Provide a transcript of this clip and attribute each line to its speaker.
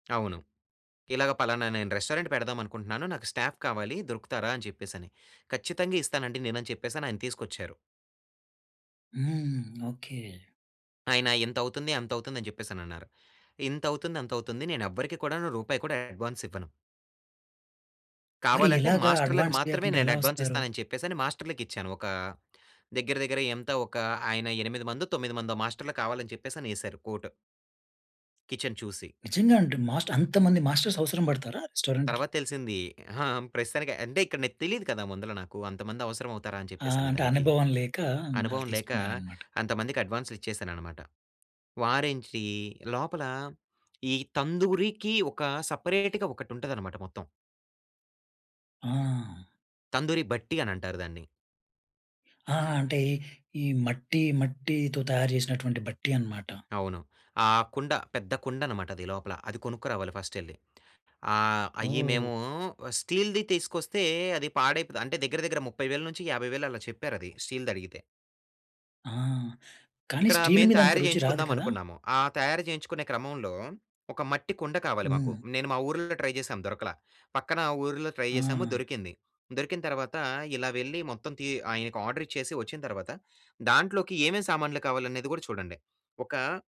Speaker 1: అవును. ఇలాగ పలానా నేను రెస్టారెంట్ పెడదామనుకుంటన్నాను. నాకు స్టాఫ్ కావాలి, దొరుకుతారా అని చెప్పేస‌ని. ఖచ్చితంగా ఇస్తానండి నేనని చెప్పేసనాయన తీసుకొచ్చారు.
Speaker 2: హ్మ్. ఓకే.
Speaker 1: ఆయన ఇంతవుతుంది, అంతవుతుందని చెప్పేసనన్నారు. ఇంతవుతుంది, అంతవుతుంది నేనెవ్వరికి కూడానూ రూపాయి కూడా అడ్వాన్సివ్వను.
Speaker 2: మరి
Speaker 1: కావాలంటే,
Speaker 2: ఎలాగా
Speaker 1: మాస్టర్‌లకు
Speaker 2: అడ్వాన్స్
Speaker 1: మాత్రమే
Speaker 2: లేకుండా ఎలా వస్తారు?
Speaker 1: నేనడ్వాన్సిస్తానని చెప్పే‌సని మాస్టర్‌లకిచ్చాను, ఒకా దెగ్గిర, దెగ్గిర ఎంత ఒకా, ఆయన ఎనిమిది మందో, తొమ్మిది మందో మాస్టర్లు కావాలని చెప్పేస‌నేశారు కోట్. కిచెన్ చూసి.
Speaker 2: నిజంగా అంటున్ మాస్ట్ అంతమంది మాస్టర్స్ అవసరం బడతారా రెస్టారెంట్‌కి?
Speaker 1: తర్వాత తెలిసిందీ. అహా! ప్రస్తుతానికి అంటే, ఇక్కడ నాకు తెలీదు కదా! ముందల నాకు అంతమందవసరమవుతారా అని
Speaker 2: ఆ! అంటే,
Speaker 1: చెప్పేసనేదానికి.
Speaker 2: అనుభవం లేకా వాళ్ళు
Speaker 1: అనుభవం లేకా
Speaker 2: తీసుకున్నారనమాట.
Speaker 1: అంతమందికడ్వాన్సులిచ్చేసాననమాట. వారేంటీ లోపలా, ఈ తందూరీకి ఒకా సపరేట్‌గా ఒకటుంటదనమాట మొత్తం.
Speaker 2: ఆ!
Speaker 1: తందూరి బట్టీ అనంటారు దాన్ని.
Speaker 2: ఆ! ఆ! అంటే, ఈ మట్టీ మట్టీతో తయారు జేసినటువంటి బట్టీ అనమాట.
Speaker 1: అవును. ఆ కుండ, పెద్ద కుండనమాటది లోపల. అది కొనుక్కురావాలి ఫస్టెళ్ళి. ఆహ్, అయ్యి
Speaker 2: ఓహ్!
Speaker 1: మేవూ స్టీల్‌‌ది తీసుకొస్తే అది పాడైపోద అంటే, దగ్గర దగ్గర 30000-50000 అలా చెప్పారది స్టీల్‌దడిగితే.
Speaker 2: ఆ! కానీ
Speaker 1: ఇక్కడా
Speaker 2: స్టీల్
Speaker 1: మేము
Speaker 2: మీదంత
Speaker 1: తయారు
Speaker 2: రుచి రాదు కదా!
Speaker 1: జేయించుకుందామనుకున్నాము. ఆ తయారు చేయించుకునే క్రమంలో, ఒక మట్టి కుండ కావాలి మాకు.
Speaker 2: హ్మ్.
Speaker 1: నేను మా ఊరుల్లో ట్రై జేశాం, దొరకలా. పక్కనా ఊరుల్లో ట్రై జేశాము,
Speaker 2: ఆ!
Speaker 1: దొరికింది. దొరికిన తర్వాతా ఇలా వెళ్ళి మొత్తం తీ ఆయనకి ఆర్డరిచ్చేసి వచ్చిన తర్వాత, దాంట్లోకి ఏవేమి సామాన్లు కావాలనేది గూడా చూడండి, ఒకా